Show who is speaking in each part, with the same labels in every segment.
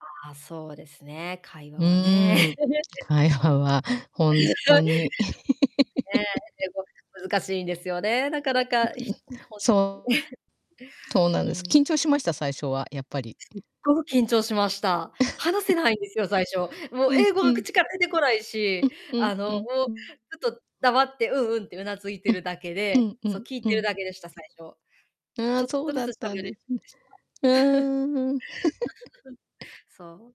Speaker 1: ああ、そうですね、会話
Speaker 2: う
Speaker 1: はね、
Speaker 2: ーん。会
Speaker 1: こ
Speaker 2: 話
Speaker 1: う、
Speaker 2: はほんとに。
Speaker 1: ね、英語、難しいんですよね。なかな
Speaker 2: うん
Speaker 1: か、ひうん、
Speaker 2: うん、
Speaker 1: ほんと
Speaker 2: そ
Speaker 1: に。
Speaker 2: う。とうなん
Speaker 1: う
Speaker 2: です。
Speaker 1: ん。
Speaker 2: 緊張しました？最初は。やっぱり。
Speaker 1: すっごく緊張しました。話せ ないんですよ、最初。もう
Speaker 2: うん
Speaker 1: 英語
Speaker 2: う
Speaker 1: が
Speaker 2: ん。
Speaker 1: 口から出てこない
Speaker 2: う
Speaker 1: し、
Speaker 2: んうん
Speaker 1: あの、
Speaker 2: う
Speaker 1: も
Speaker 2: ん
Speaker 1: う
Speaker 2: うん。
Speaker 1: ずっと黙って、うんうんって頷い
Speaker 2: う
Speaker 1: てる
Speaker 2: ん。
Speaker 1: だけ
Speaker 2: う
Speaker 1: で、
Speaker 2: んう
Speaker 1: そ、
Speaker 2: ん
Speaker 1: 聞い
Speaker 2: う
Speaker 1: てる
Speaker 2: ん。
Speaker 1: だけでした、最初。
Speaker 2: あ
Speaker 1: ち
Speaker 2: あ、
Speaker 1: ょっ
Speaker 2: そ
Speaker 1: と
Speaker 2: う
Speaker 1: ず
Speaker 2: だ
Speaker 1: つ
Speaker 2: ったん
Speaker 1: 喋り
Speaker 2: ですね。
Speaker 1: ました。
Speaker 2: うーん。
Speaker 1: そう。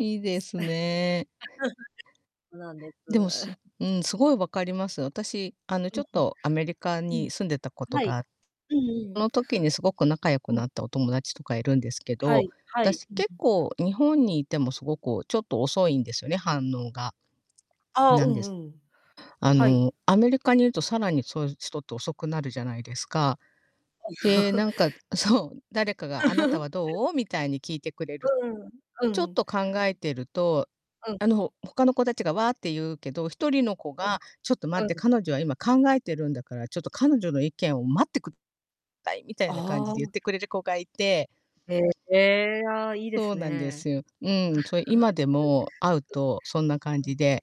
Speaker 2: いい
Speaker 1: い
Speaker 2: で
Speaker 1: す
Speaker 2: すね。
Speaker 1: そうなんで
Speaker 2: でも、す
Speaker 1: す。
Speaker 2: うん、凄い分かります。私、あの、
Speaker 1: う
Speaker 2: ちょ
Speaker 1: ん
Speaker 2: っ
Speaker 1: う
Speaker 2: とアメリカ
Speaker 1: ん。う
Speaker 2: に
Speaker 1: ん。
Speaker 2: 住んでたこと
Speaker 1: はい。
Speaker 2: が
Speaker 1: うんうん。
Speaker 2: の時にすごく仲良く
Speaker 1: はい。
Speaker 2: なったお友達とかいるんですけ
Speaker 1: は
Speaker 2: ど、
Speaker 1: い、はい。
Speaker 2: 私、
Speaker 1: う
Speaker 2: 結
Speaker 1: ん。
Speaker 2: 構日本にいても、すご、こう、ちょっと遅いんですよね、反応が。
Speaker 1: ああ、
Speaker 2: な
Speaker 1: う
Speaker 2: ん
Speaker 1: ん
Speaker 2: です。
Speaker 1: うん、
Speaker 2: あ
Speaker 1: は
Speaker 2: の、
Speaker 1: い。
Speaker 2: アメリカにいると、さらにそういう人と遅くなるじゃないですか。
Speaker 1: はい。
Speaker 2: で、なんか そう、誰かが「あなたは、どう？」みたいに聞いてくれる。
Speaker 1: うーん。う
Speaker 2: ちょっ
Speaker 1: ん。
Speaker 2: と考えてると、
Speaker 1: うん。
Speaker 2: あの、他の子達が「わ」って言うけど、一人の子
Speaker 1: う
Speaker 2: が、
Speaker 1: ん。
Speaker 2: 「ちょっと待って、
Speaker 1: うん。
Speaker 2: 彼女は今考えてるんだから、ちょっと彼女の意見を待ってくさい」みたいな感じ
Speaker 1: あ
Speaker 2: で言っ
Speaker 1: あ。
Speaker 2: てくれる子がいて。
Speaker 1: へえ、ああ、いいで
Speaker 2: そう
Speaker 1: す
Speaker 2: なんで
Speaker 1: ね。
Speaker 2: すよ。うーん。そ、今でも会うとそんな感じで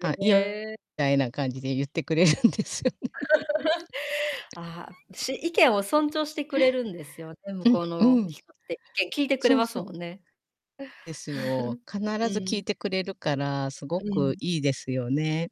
Speaker 2: 「あ、
Speaker 1: え
Speaker 2: い
Speaker 1: へ
Speaker 2: いよ」
Speaker 1: え。
Speaker 2: たいな感じで言ってくれるんですよね。
Speaker 1: ああ、し意見を尊 重してくれるんですよね、向
Speaker 2: う
Speaker 1: こ
Speaker 2: ん、
Speaker 1: う
Speaker 2: うー
Speaker 1: の
Speaker 2: ん。
Speaker 1: 人って。意見聞いてくれ
Speaker 2: そう
Speaker 1: ます
Speaker 2: そう。
Speaker 1: もんね。
Speaker 2: ですよ。必
Speaker 1: う
Speaker 2: ず聞い
Speaker 1: ん。
Speaker 2: てくれるから、すご
Speaker 1: う
Speaker 2: く
Speaker 1: ん。
Speaker 2: いいですよね。